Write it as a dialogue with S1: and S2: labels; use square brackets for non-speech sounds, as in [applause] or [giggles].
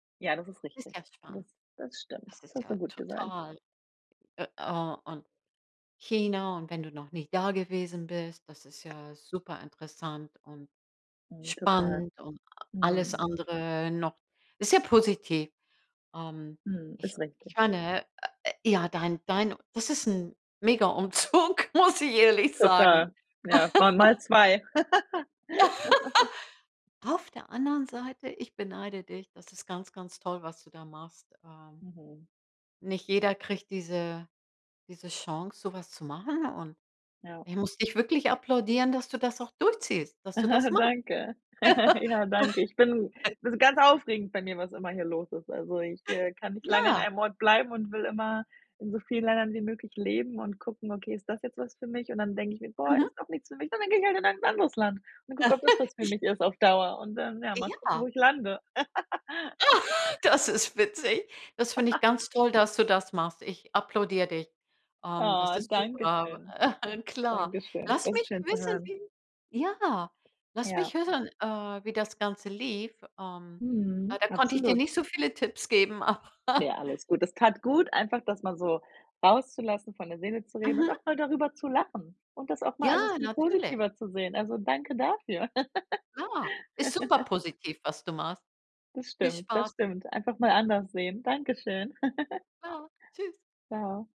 S1: Ja, das ist
S2: Ist
S1: richtig.
S2: ja
S1: Das
S2: spannend.
S1: das stimmt,
S2: Das
S1: das
S2: ist
S1: hast du
S2: ja
S1: gut gesagt.
S2: total äh, oh, und China und wenn du noch nicht da gewesen bist, das ist ja superinteressant und
S1: Mhm, total.
S2: spannend und alles
S1: Mhm.
S2: andere noch ist ja positiv. Ähm,
S1: Mhm,
S2: ich
S1: ist richtig.
S2: ich meine äh, ja dein dein das ist 'n mega Umzug, muss ich ehrlich sagen.
S1: Total. Ja, ma mal
S2: [laughs]
S1: 2. [laughs]
S2: [laughs] Auf der anderen Seite, ich beneide dich. Das ist ganz, ganz toll, was du da machst. Ähm,
S1: Mhm.
S2: nicht jeder kriegt diese diese Chance, so was zu machen und
S1: Ja.
S2: ich muss dich wirklich applaudieren, dass du das auch durchziehst, dass du das
S1: [chuckles]
S2: machst.
S1: Danke. [giggles] Ja, danke. Ich bin
S2: [laughs]
S1: ist ganz aufregend bei mir, was immer hier los ist, also ich, äh, kann nicht lange an
S2: Ja.
S1: einem Ort bleiben und will immer in so vielen Ländern wie möglich leben und gucken: „Okay, ist das jetzt was für mich?“ Und dann denke ich mir: „Boah,
S2: Mhm.
S1: ist doch nichts für mich“ und dann gehe ich halt in ein anderes Land und gucke ob das was
S2: [giggles]
S1: für
S2: Ich
S1: mich ist auf Dauer und dann, ja, mal gucken
S2: Ja.
S1: wo ich lande.
S2: Ah,
S1: [laughs]
S2: das ist witzig. Das finde ich
S1: [laughs]
S2: ganz toll, dass du das machst. Ich applaudiere dich. Ähm, das
S1: Oh,
S2: ist
S1: danke
S2: super,
S1: schön.
S2: [chuckles] klar.
S1: Dankeschön.
S2: Lass
S1: Das ist
S2: mich
S1: schön zu
S2: wissen,
S1: hören.
S2: wie ja, lass
S1: Ja.
S2: mich hören, äh, wie das Ganze lief, ähm, ja
S1: Mhm,
S2: da konnte ich dir
S1: absolut.
S2: nicht so viele Tipps geben, aber
S1: Ja, alles gut. Es tat gut, einfach das mal so rauszulassen, von der Seele zu reden und auch
S2: Mhm.
S1: mal darüber zu lachen und das auch mal
S2: Ja,
S1: alles viel
S2: natürlich.
S1: positiver zu sehen, also, danke dafür.
S2: Ja, ist
S1: [giggles]
S2: superpositiv, was du machst.
S1: Das
S2: Viel
S1: stimmt, das
S2: Spaß.
S1: stimmt, einfach mal anders sehen, danke schön. [giggles]
S2: Ja, tschüss.
S1: Tschau.